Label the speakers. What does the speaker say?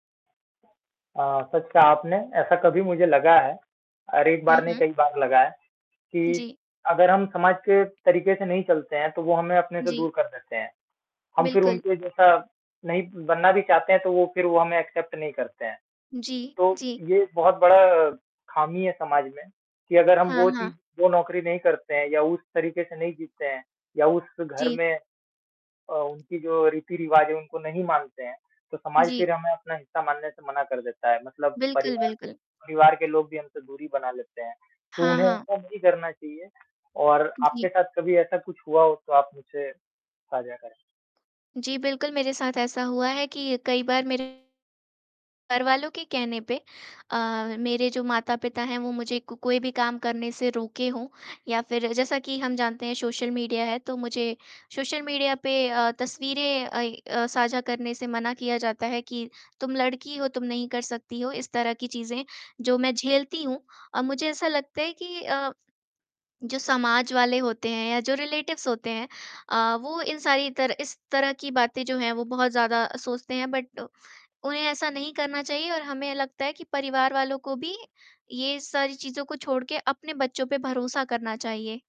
Speaker 1: अ, सच कहा आपने ऐसा कभी मुझे लगा है और एक
Speaker 2: हुँ,
Speaker 1: बार नहीं
Speaker 2: हुँ।
Speaker 1: कई बार लगा है कि
Speaker 2: जी।
Speaker 1: अगर हम समाज के तरीके से नहीं चलते हैं, तो वो हमें अपने से
Speaker 2: जी।
Speaker 1: दूर कर देते हैं। हम फिर
Speaker 2: बिल्कुल।
Speaker 1: उनके जैसा नहीं बनना भी चाहते हैं तो वो फिर वो हमें एक्सेप्ट नहीं करते हैं।
Speaker 2: जी,
Speaker 1: तो
Speaker 2: जी।
Speaker 1: ये बहुत बड़ा खामी है समाज में कि अगर हम
Speaker 2: हाँ,
Speaker 1: वो चीज़
Speaker 2: हाँ।
Speaker 1: वो नौकरी नहीं करते हैं या उस तरीके से नहीं जीते हैं या उस घर
Speaker 2: जी।
Speaker 1: में अ, उनकी जो रीति-रिवाज है उनको नहीं मानते हैं, तो समाज
Speaker 2: जी।
Speaker 1: फिर हमें अपना हिस्सा मानने से मना कर देता है। मतलब
Speaker 2: बिल्कुल,
Speaker 1: परिवार,
Speaker 2: बिल्कुल।
Speaker 1: परिवार के लोग भी हमसे दूरी बना लेते हैं। तो
Speaker 2: हाँ,
Speaker 1: उन्हें
Speaker 2: हाँ।
Speaker 1: ऐसा नहीं करना चाहिए और आपके
Speaker 2: जी।
Speaker 1: साथ कभी ऐसा कुछ हुआ हो तो आप मुझसे साझा करें।
Speaker 2: जी, बिल्कुल, मेरे साथ ऐसा हुआ है कि कई बार मेरे घरवालों के कहने पे अ, मेरे जो माता-पिता हैं वो मुझे को कोई भी काम करने से रोके हों या फिर जैसा कि हम जानते हैं सोशल मीडिया है तो मुझे सोशल मीडिया पे अ, तस्वीरें अइ अ, साझा करने से मना किया जाता है कि, "तुम लड़की हो तुम नहीं कर सकती हो" इस तरह की चीज़ें जो मैं झेलती हूँ अ, मुझे ऐसा लगता है कि अ, जो समाज वाले होते हैं या जो रिलेटिव्स होते हैं अ, वो इन सारी तरह इस तरह की बातें जो हैं वो बहुत ज़्यादा सोचते हैं, बट उन्हें ऐसा नहीं करना चाहिए और हमें लगता है कि परिवार वालों को भी ये सारी चीज़ों को छोड़ के अपने बच्चों पे भरोसा करना चाहिए।